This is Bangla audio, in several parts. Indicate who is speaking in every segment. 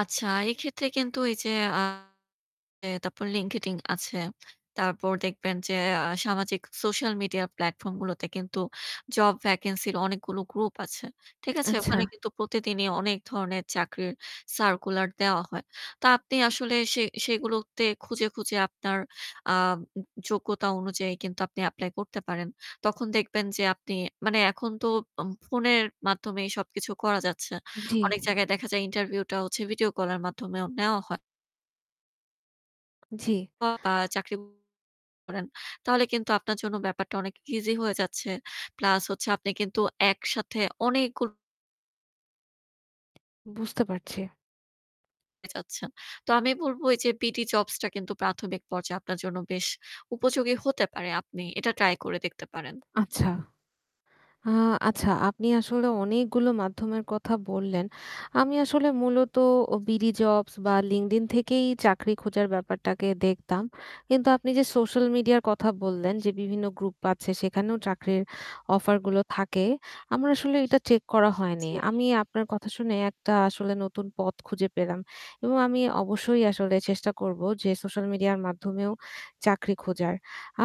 Speaker 1: আচ্ছা এক্ষেত্রে কিন্তু এই যে আ তারপর LinkedIn আছে। তারপর দেখবেন যে আ সামাজিক সোশ্যাল মিডিয়া প্লাটফর্ম গুলোতে কিন্তু জব ভ্যাকেন্সি এর অনেকগুলো গ্রুপ আছে। ঠিক আছে?
Speaker 2: আচ্ছা।
Speaker 1: ওখানে কিন্তু প্রতিদিনই অনেক ধরনের চাকরির সার্কুলার দেয়া হয়। তা আপনি আসলে সে সেগুলোতে খুঁজে, খুঁজে আপনার আ যোগ্যতা অনুযায়ী কিন্তু আপনি এপ্লাই করতে পারেন। তখন দেখবেন যে আপনি মানে এখন তো অম ফোনের মাধ্যমেই সবকিছু করা যাচ্ছে।
Speaker 2: জি।
Speaker 1: অনেক জায়গায় দেখা যায় ইন্টারভিউটা হচ্ছে ভিডিও কল এর মাধ্যমেও নেওয়া হয়।
Speaker 2: জি।
Speaker 1: [unintelligible] বা চাকরি করেন। তাহলে কিন্তু আপনার জন্য ব্যাপারটা অনেক ইজি হয়ে যাচ্ছে। প্লাস হচ্ছে আপনি কিন্তু একসাথে অনেকগু
Speaker 2: বুঝতে পারছি।
Speaker 1: পেয়ে যাচ্ছেন। তো আমি বলবো এই যে Bdjobs টা কিন্তু প্রাথমিক পর্যায়ে আপনার জন্য উপযোগী হতে পারে। আপনি এটা ট্রাই করে দেখতে পারেন।
Speaker 2: আচ্ছা। আ আচ্ছা আপনি আসলে অনেকগুলো মাধ্যমের কথা বললেন। আমি আসলে মূলত অ বিডি জবস বা LinkedIn থেকেই চাকরি খোঁজার ব্যাপারটাকে দেখতাম। কিন্তু আপনি যে সোশ্যাল মিডিয়ার কথা বললেন, যে বিভিন্ন গ্রুপ আছে সেখানেও চাকরির অফার গুলো থাকে। আমার আসলে এটা চেক করা হয়নি।
Speaker 1: জি।
Speaker 2: আমি আপনার কথা শুনে একটা আসলে নতুন পথ খুঁজে পেলাম। এবং আমি অবশ্যই আসলে চেষ্টা করব, যে সোশ্যাল মিডিয়ার মাধ্যমেও চাকরি খোঁজার।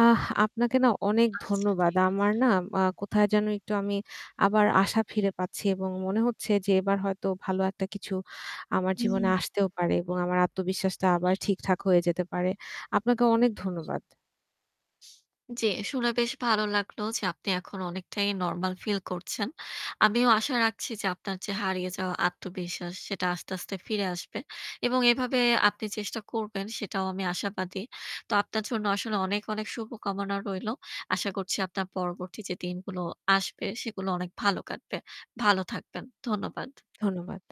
Speaker 2: আহ আপনাকে না অনেক
Speaker 1: আচ্ছা
Speaker 2: ধন্যবাদ।
Speaker 1: ঠিক
Speaker 2: আমার
Speaker 1: আছে।
Speaker 2: না কোথায় যেন একটু আমি আবার আশা ফিরে পাচ্ছি এবং মনে হচ্ছে যে এবার হয়তো ভালো একটা কিছু আমার
Speaker 1: হুম।
Speaker 2: জীবনে আসতেও পারে এবং আমার আত্মবিশ্বাসটা আবার ঠিকঠাক হয়ে যেতে পারে। আপনাকে অনেক ধন্যবাদ।
Speaker 1: জ্বী। শুনে বেশ ভালো লাগলো যে আপনি এখন অনেকটাই নরমাল ফিল করছেন। আমিও আশা রাখছি যে আপনার যে হারিয়ে যাওয়া আত্মবিশ্বাস সেটা আস্তে, আস্তে ফিরে আসবে। এবং এভাবে আপনি চেষ্টা করবেন সেটাও আমি আশাবাদী। তো আপনার জন্য আসলে অনেক, অনেক শুভকামনা রইলো। আশা করছি আপনার পরবর্তী যে দিনগুলো আসবে সেগুলো অনেক ভালো কাটবে। ভালো থাকবেন। ধন্যবাদ।
Speaker 2: ধন্যবাদ।